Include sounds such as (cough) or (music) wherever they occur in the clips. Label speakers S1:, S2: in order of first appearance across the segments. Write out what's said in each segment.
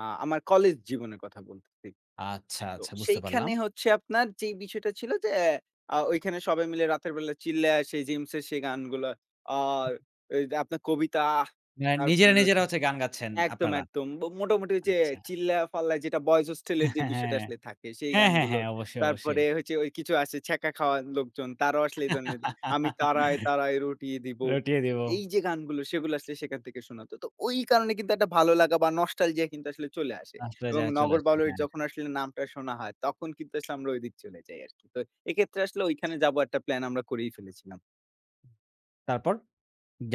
S1: আ আমার কলেজ জীবনের কথা বলতেছি।
S2: আচ্ছা,
S1: তো
S2: আচ্ছা বুঝতে পারলাম।
S1: সেইখানে হচ্ছে আপনার যে বিষয়টা ছিল এ ঐখানে সবাই মিলে রাতের বেলা চিল্লাসে জিমস সেই গানগুলা আর আপনার কবিতা
S2: অ্যা নিজেরা
S1: তারপরে
S2: নিজেরা
S1: রয়েছে।
S2: হচ্ছে গান গাচ্ছেন
S1: একদম
S2: আপনারা।
S1: একদম মোটামুটি যে
S2: আচ্ছা।
S1: চিল্লায় ফাল্লায় যেটা বয়েস হোস্টেলের
S2: হ্যাঁ,
S1: এর যে
S2: হ্যাঁ,
S1: বিষয়টা
S2: হ্যাঁ।
S1: আসলে থাকে সেই
S2: হ্যাঁ, হ্যাঁ,
S1: গানগুলো।
S2: হ্যাঁ। অবশ্যই, অবশ্যই।
S1: তারপরে কিছু আছে ছ্যাক খাওয়া লোকজন তারাও আসলে এই ধরনের আমি তারায় তারায় রটিয়ে
S2: (laughs)
S1: দিবো।
S2: রটিয়ে দিব।
S1: এই যে গানগুলো সেগুলো আসলে সেখান থেকে শোনাতো। তো ওই কারণে কিন্তু একটা ভালো লাগা বা নস্টালজিয়া কিন্তু আসলে চলে আসে এবং
S2: নষ্টালজীয়া চলে
S1: নগর
S2: আসে।
S1: বাউলের
S2: হ্যাঁ,
S1: যখন
S2: হ্যাঁ।
S1: আসলে নামটা শোনা হয় তখন কিন্তু আসলে আমরা ঐদিক চলে যাই আরকি। তো এক্ষেত্রে আসলে ঐখানে যাব একটা প্ল্যান আমরা করেই ফেলেছিলাম।
S2: তারপর?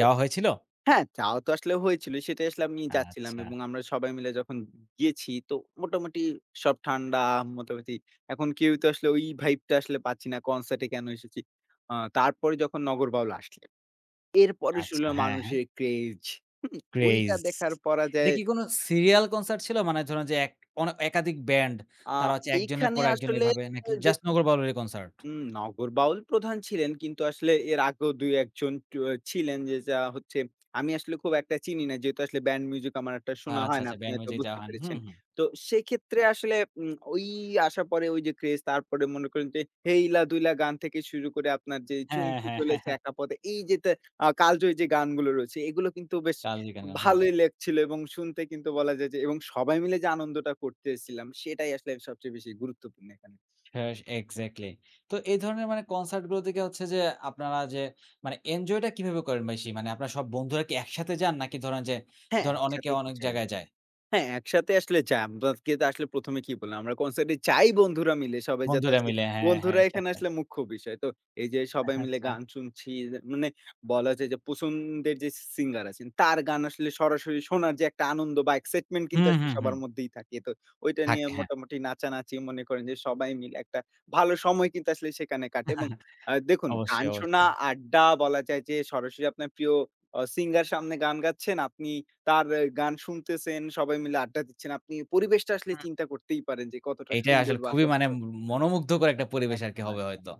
S1: তো
S2: হয়েছিল?
S1: হ্যাঁ যাওয়া তো আসলে হয়েছিল সেটাই আসলে আমি যাচ্ছিলাম
S2: আচ্ছা।
S1: এবং আমরা সবাই মিলে যখন গিয়েছি তো মোটামুটি সব ঠান্ডা মোটামুটি এখন কেউ তো আসলে ওই ভাইব টা আসলে পাচ্ছি না কনসার্ট এ কেন এসেছি। আ তারপরে যখন নগর বাউল আসছে। এরপরে
S2: আচ্ছা।
S1: শুনলাম
S2: হ্যাঁ, হ্যাঁ।
S1: মানুষের craze ওইটা
S2: ক্রেজ।
S1: দেখার
S2: এটা
S1: পরাজয়
S2: কি কোন serial concert ছিল? মানে ধরুন যে এক অনা একাধিক ব্যান্ড
S1: আ
S2: তারা হচ্ছে ১ জনের
S1: এইখানে
S2: পর ১ জন
S1: আসলে
S2: এভাবে নাকি
S1: যে
S2: জাস্ট নগর বাউলের ই কনসার্ট?
S1: হুম নগর বাউল প্রধান ছিলেন কিন্তু আসলে এর আগেও ২ ১ জন ছিলেন যে, যা হচ্ছে আমি আসলে খুব একটা চিনি না। যেহেতু আসলে ব্যান্ড মিউজিক আমার একটা শোনা
S2: আচ্ছা,
S1: হয় না
S2: আচ্ছা
S1: আপনি
S2: ব্যান্ড
S1: হয়তো
S2: মিউজিক যাওয়া
S1: বুঝতে
S2: হয়নি। হু,
S1: পেরেছেন।
S2: হু।
S1: তো সেক্ষেত্রে আসলে উম আসার পরে ওই যে ক্রেজ তারপরে মনে করেন যে হেইলা দুইলা গান থেকে শুরু করে আপনার যে
S2: হ্যাঁ,
S1: চুমকি
S2: হ্যাঁ।
S1: চলেছে
S2: (chuckles)
S1: একা পথে এই যে আ কালজয়ী যে গানগুলো রয়েছে এগুলো কিন্তু বেশ
S2: কালিকানা। হুম।
S1: ভালোই লেখছিল এবং শুনতে কিন্তু বলা যায় যে এবং সবাই মিলে যে আনন্দটা করতেছিলাম সেটাই আসলে সবচেয়ে বেশি গুরুত্বপূর্ণ এখানে।
S2: হ্যাঁ এক্সাক্টলি। তো এই ধরনের মানে কনসার্ট গুলো থেকে হচ্ছে যে আপনারা যে মানে এনজয় টা কিভাবে করেন বেশি? মানে আপনার সব বন্ধুরা কি একসাথে যান? নাকি ধরেন যে
S1: হ্যাঁ
S2: ধরেন অনেকে
S1: একসাথেই তো
S2: অনেক
S1: যাই।
S2: জায়গায় যায়?
S1: হ্যাঁ একসাথে আসলে যাই। আমরা আসলে প্রথমে কি বললাম আমরা কনসার্ট এ যাই বন্ধুরা মিলে সবাই যাতে
S2: বন্ধুরা
S1: আসলে
S2: মিলে হ্যাঁ, হ্যাঁ
S1: বন্ধুরা এখানে
S2: খেতে।
S1: আসলে মুখ্য বিষয়। তো এই যে সবাই মিলে
S2: আচ্ছা।
S1: গান শুনছি, মানে বলা যায় যে পছন্দের যে সিঙ্গার আছেন তার গান আসলে সরাসরি শোনার যে একটা আনন্দ বা excitement কিন্তু
S2: হুম,
S1: আসলে
S2: হুম, হুম।
S1: সবার মধ্যেই থাকে। তো ঐটা
S2: থাকে হ্যাঁ।
S1: মোটামুটি নাচানাচি মনে করেন যে সবাই মিলে একটা ভালো সময় কিন্তু আসলে সেখানে কাটে এবং আ
S2: (chuckles)
S1: দেখুন গান
S2: অবশ্যই,
S1: শোনা,
S2: অবশ্যই।
S1: আড্ডা বলা যায় যে সরাসরি আপনার প্রিয় আ সিঙ্গার সামনে গান গাচ্ছেন। আপনি তার গান শুনতেছেন, সবাই মিলে আড্ডা দিচ্ছেন। আপনি পরিবেশটা আসলে
S2: হুম।
S1: চিন্তা করতেই পারেন যে কতটা
S2: এইটাই
S1: সুন্দর
S2: আসলে
S1: বা
S2: খুবই মানে
S1: কতটা
S2: মনোমুগ্ধ করে একটা পরিবেশ আরকি
S1: একদম,
S2: হবে
S1: একদম।
S2: হয়তো।